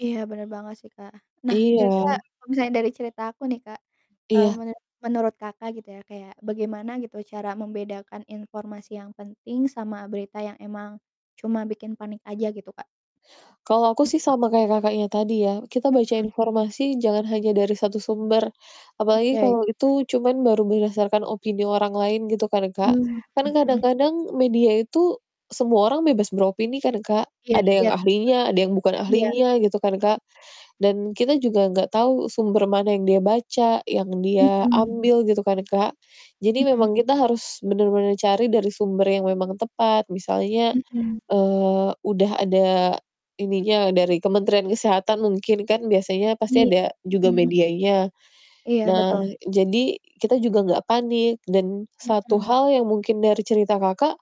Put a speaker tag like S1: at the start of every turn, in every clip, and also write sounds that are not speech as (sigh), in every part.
S1: Iya, bener banget sih, Kak. Nah, kira-kira
S2: Iya.
S1: kalau misalnya dari cerita aku nih Kak, eee,
S2: Iya.
S1: menu menurut Kakak gitu ya, kayak bagaimana gitu cara membedakan informasi yang penting sama berita yang emang cuma bikin panik aja gitu, Kak?
S2: Kalau aku sih
S1: Mhm.
S2: sama kayak Kakaknya tadi ya, kita baca
S1: Mhm.
S2: informasi jangan hanya dari 1 sumber. Apalagi
S1: Oke. Mhm.
S2: kalau itu cuman baru berdasarkan opini orang lain gitu kan, Kak.
S1: Mmm,
S2: Kan
S1: mhm mhm.
S2: kadang-kadang media itu semua orang bebas beropini kan, Kak.
S1: Iya
S2: Ada yang
S1: iya,
S2: ahlinya, ada yang bukan
S1: bener, iya,
S2: ahlinya gitu kan, Kak.
S1: i
S2: Dan kita juga enggak tahu sumber mana yang dia baca, yang dia
S1: Mhm.
S2: ambil, gitu kan, Kak. Jadi
S1: Mhm.
S2: memang kita harus bener-bener cari dari sumber yang memang tepat. Misalnya,
S1: Mhm.
S2: eee, udah ada ininya dari Kementerian Kesehatan mungkin kan biasanya pasti
S1: Iya,
S2: ada
S1: mhm
S2: juga
S1: mhm.
S2: medianya.
S1: Iya,
S2: Nah,
S1: betul.
S2: jadi kita juga nggak panik. Dan satu
S1: Mhm.
S2: hal yang mungkin dari cerita Kakak,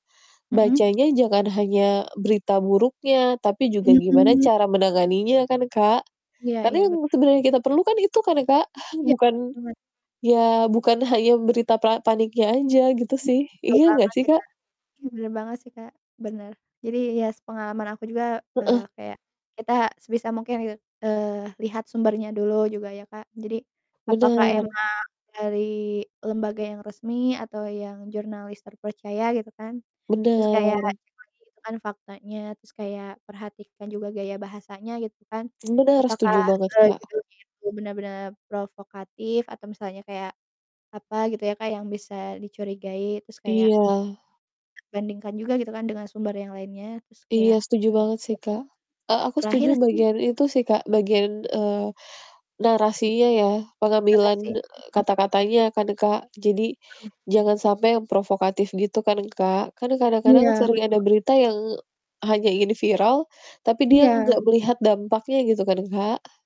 S1: Mhm.
S2: bacanya jangan hanya berita buruknya, tapi juga gimana
S1: Mhm.
S2: cara menanganinya kan, Kak,
S1: Iya
S2: tapi
S1: iya, bet
S2: yang sebenarnya kita perlukan itu kan, Kak? (chuckles)
S1: Iya,
S2: Bukan
S1: banget.
S2: ya bukan hanya berita pla paniknya aja gitu
S1: Oke,
S2: sih,
S1: betul
S2: iya nggak
S1: banget
S2: sih,
S1: sih,
S2: Kak?
S1: Kak. Oke, bener banget sih, Kak, bener, jadi, ya, sepengalaman aku juga,
S2: Heeh.
S1: eee, kayak kita sebisa mungkin gitu, eee, lihat sumbernya dulu juga ya, Kak, jadi apakah
S2: Bener.
S1: emang dari lembaga yang resmi atau yang jurnalis terpercaya, gitu kan, terus kayak kan
S2: Bener.
S1: cek lagi gitu kan faktanya, terus kayak perhatikan juga gaya bahasanya, gitu kan,
S2: Bener, setuju
S1: apakah,
S2: banget,
S1: eee,
S2: Kak.
S1: judulnya itu benar-benar provokatif atau misalnya kayak apa gitu ya, Kak, yang bisa dicurigai, terus kayak
S2: Iya.
S1: bandingkan juga, gitu kan, dengan sumber yang lainnya, terus
S2: Iya,
S1: kayak
S2: setuju banget sih, Kak, a aku setuju
S1: Terakhir sih
S2: bagian itu sih, Kak, bagian, eee, narasinya ya, pengambilan,
S1: Literasi,
S2: eee,
S1: mhm.
S2: kata-katanya kan, Kak. Jadi,
S1: Mhm.
S2: sampai yang provokatif gitu kan, Kak. Kan kadang-kadang
S1: Iya,
S2: sering ada
S1: betul.
S2: berita yang hanya ingin viral, tapi dia
S1: Iya.
S2: nggak melihat dampaknya, gitu kan, Kak.